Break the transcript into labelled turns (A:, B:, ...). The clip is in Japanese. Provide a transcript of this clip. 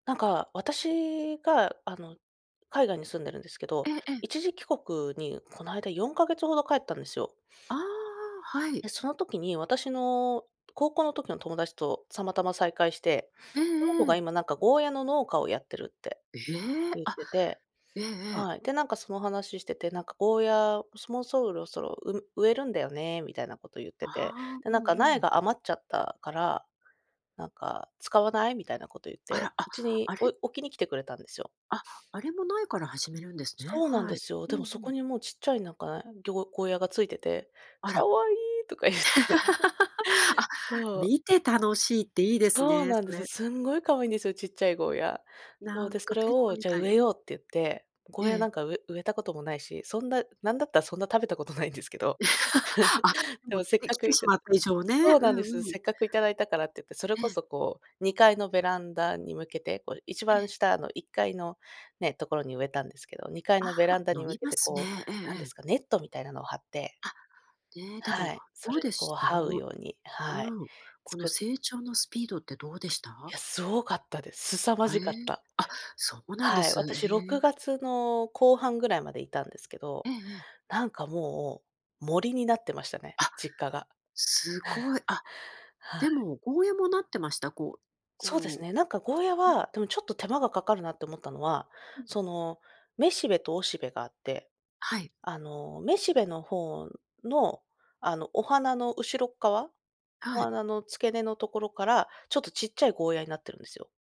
A: なんか私が、あの、海外に住んでるんですけ
B: え
A: ど、
B: え、ええ。
A: 一時帰国に、この間、4か月程帰ったんですよ。
B: ああああ、はい。
A: で、その時に、私の高校の時の友達と、たまたま再会して、
B: え
A: その子
B: え
A: が
B: ええ。
A: 今なんか、ゴーヤの農家をやってるって
B: え、ええ？
A: ゆっ
B: あ。
A: てて、
B: ええええ。
A: はい。で、なんかその話してて、なんか、「ゴーヤ、もそもうそろそろ、う植えるんだよね」みたいな事ゆって
B: あ
A: て、
B: あ、
A: で、
B: う
A: な
B: ん
A: んか
B: う
A: 「苗
B: ん。
A: が余っちゃったから、なんか使わない？」みたいな事ゆっ
B: あ
A: て、
B: ら！あ、
A: うちに
B: あ
A: お
B: れ
A: い置きに来てくれたんですよ。
B: あ！あれも苗から、始めるんですね？
A: そうなん
B: は
A: で
B: い。
A: すよ。
B: うん
A: で
B: う
A: も、そこ
B: ん。
A: にもうちっちゃい、なんか、なぎょゴーヤが付いてて、
B: あ
A: 「可
B: ら！
A: 愛い！」とかゆって。
B: あ、
A: そう。
B: 見て楽しいっていいです
A: そう
B: ね、
A: なん
B: そ
A: です。
B: れ。
A: すんごい可愛いんですよ、ちっちゃいゴーヤ。そ
B: な
A: う、
B: ん
A: で、そ
B: か
A: れ
B: ペット
A: を、
B: み
A: 「じゃあ、
B: たい、
A: 植え
B: うん。
A: よう」ってゆって、ゴ
B: え
A: ーヤな
B: え。
A: んかう植えた事もないし、そんな、なんだったら、そんな食べたことないんですけど、
B: あ、で
A: で
B: も、
A: も、せっ
B: 出
A: か
B: 来
A: く
B: て
A: い
B: し
A: た
B: まった以上ね、
A: そう
B: う
A: なんです。
B: んうん。
A: せっかく頂いたからっていって、それ
B: え
A: こ
B: え。
A: そこう、2階のベランダに向けて、こう一番
B: え。
A: 下の、1階のね、ところに植えたんですけど、2階
B: あ
A: のベ
B: あ、
A: ランダ
B: 伸
A: に向
B: び
A: け
B: ま
A: て、
B: す
A: こう、
B: ね。えええ
A: なんで
B: え。
A: すか、ネットみたいなの張って
B: あ、ね、で
A: は
B: も、
A: い、そ
B: どう
A: れ
B: で
A: にこう
B: した？あ
A: 這う
B: の
A: ようにはい、
B: うん、
A: つ
B: この
A: く
B: 成長のスピードってどうでし
A: い
B: た？
A: や、凄かったです。すさま
B: あ、
A: じ
B: え
A: かっ
B: え。
A: た。
B: あ！そうなんで
A: はい、
B: す、
A: 私、ろ
B: え
A: く
B: え。
A: がつの後半ぐらいまでいたんですけど、
B: ええええ。
A: なんかもう、森になってましたね、
B: あ、
A: 実家が。
B: 凄い。あ、
A: はい。
B: でもゴーヤもなってました？こう、
A: そうです
B: こ
A: ね。なんかゴーヤ
B: ううん。
A: は、でもちょっと手間が掛かるなって思ったのは、
B: うん。
A: その、雌しべと雄しべがあって、
B: はい。
A: あの、雌しべの方の、あの、お花の後ろっかわ？お
B: はい。
A: 花の付け根のところから、ちょっと、ちっちゃいゴーヤになってるんですよ。